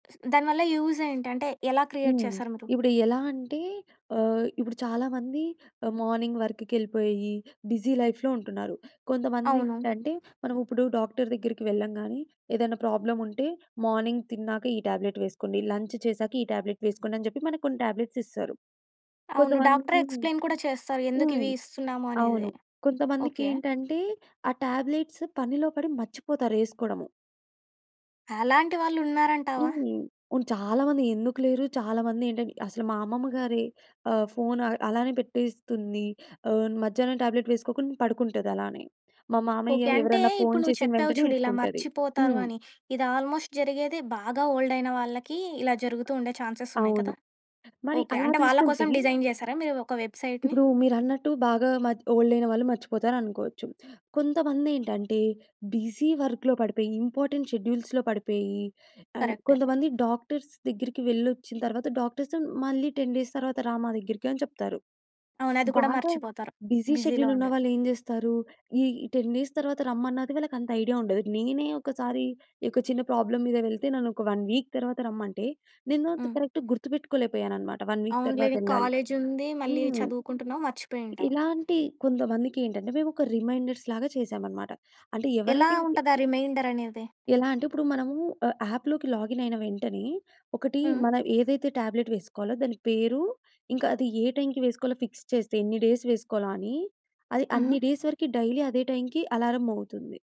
స్ దాని వల్ల యూజేంటి? అంటే, ఎలా క్రియేట్ హ్మ్. చేశారు మీరు? ఇప్పుడు ఎలా అంటే, ఆహ్, ఇప్పుడు చాలామంది ఆహ్, మార్నింగ్ వర్క్‌‌కెళ్ళిపోయి, బిజీ లైఫ్‌లో ఉంటున్నారు. అవును. కొంతమందేంటంటే, మనం ఉప్పుడు డాక్టర్ దగ్గరికి వెళ్ళం గానీ, ఏదన్నా ప్రాబ్లముంటే మార్నింగ్ తిన్నాక, ఈ టాబ్లెట్ వేసుకోండి, లంచ్ చేశాక ఈ టాబ్లెట్ వేసుకోండి, అని జెప్పి మనకు కొన్ని టాబ్లెట్స్ ఇస్తారు. అవును. డాక్టరే కొంతమంది ఎక్స్‌ప్లెయిన్ కూడా చేస్తారు, ఎందుకు హ్మ్. ఇవి ఇస్తున్నాము అనేది. అవును. ఓకే. కొంతమందికేంటంటే, ఆ టాబ్లెట్స్ పనిలో పడి మర్చిపోతారు యేసుకోడము. అలాంటి వాళ్ళు ఉన్నారంటావా? హ్మ్. ఉన్ చాలామంది ఎందుకు లేరు. చాలామంది ఏంటంటె అసలు మా అమ్మమ్మ గారి ఆహ్, ఫోన్ అ అలానే పెట్టేస్తుంది. ఆహ్, మధ్యాహ్నం టాబ్లెట్ వేసుకోకుండా పడుకుంటదలానే. మా ఓకే. మామయ్య, అంటే, ఎవరన్నా ఫోన్ ఇప్పుడు నువ్వు చేసిన చెప్పావు వెంటనే చూడు ఇలా యేసుకుంటది. మర్చిపోతారు హ్మ్. అని, ఇది ఆల్మోస్ట్ జరిగేది బాగా ఓల్డయిన వాళ్ళకీ, ఇలా జరుగుతూ ఉండే అ చాన్సెసున్నాయి అవును. కదా! మరి ఓకే. అలా అంటే, వాళ్ళ తీసుకుంటే కోసం డిజైన్ చేసారా మీరు ఒక వెబ్‌సైట్‌ని? ఇప్పుడూ మీరన్నట్టు బాగా మద్ ఓల్డయిన వాళ్ళు మర్చిపోతారనుకోవచ్చు. కొంతమందేంటంటే, బిజీ వర్క్‌లో పడిపోయి, ఇంపార్టెంట్ షెడ్యూల్స్‌లో పడిపోయి, అండ్ కరక్టే. కొంతమంది డాక్టర్స్ దగ్గరికి వెళ్ళొచ్చిన తర్వాత, డాక్టర్స్ మళ్ళీ 10 డేస్ తర్వాత రా మా దగ్గరికి అని చెప్తారు. అవును. అది కూడా బాగా మర్చిపోతారు బిజీ బిజీలో ఉండి. షెడ్యూలున్నవాళ్ళేం జేస్తారు? ఈ 10 డేస్ తర్వాత రమ్మన్నది వాళ్ళకంత ఐడియా ఉండదు. నేనే ఒకసారి ఇ ఒక చిన్న ప్రాబ్లమ్ మీద వెళ్తే, నన్నొక 1 వీక్ తర్వాత రమ్మంటే, నేను అంత హ్మ్. కరక్ట్‌గా గుర్తుపెట్టుకోలేపోయాననమాట, 1 వీక్ అవునులే. నీకు తర్వాతెళ్ళాలి కాలేజుంది. మళ్ళీ హ్మ్. చదువుకుంటున్నావు, మర్చిపోయుంటావు. ఇలాంటి కొంతమందికేంటంటే, మేమొక రిమైండర్స్‌లాగా చేశామనమాట. అంటే, ఎలా ఎవరైతే ఉంటది ఆ రిమైండరనేది? ఎలా అంటే, ఉప్పుడు మనమూ ఆహ్, యాప్‌లోకి లాగినయిన వెంటనే, ఒకటీ హ్మ్. మనం ఏదైతే టాబ్లెట్ వేసుకోవాలో దాని పేరు, ఇంకా అది ఏ టైమ్‌కి వేసుకోవాలో ఫిక్స్ చేస్తే, ఎన్ని డేస్ వేసుకోవాలో అని, అది అన్ని హుహు. డేస్ వరికి డైలీ అదే టైమ్‌కి అలారం మోగుతుంది.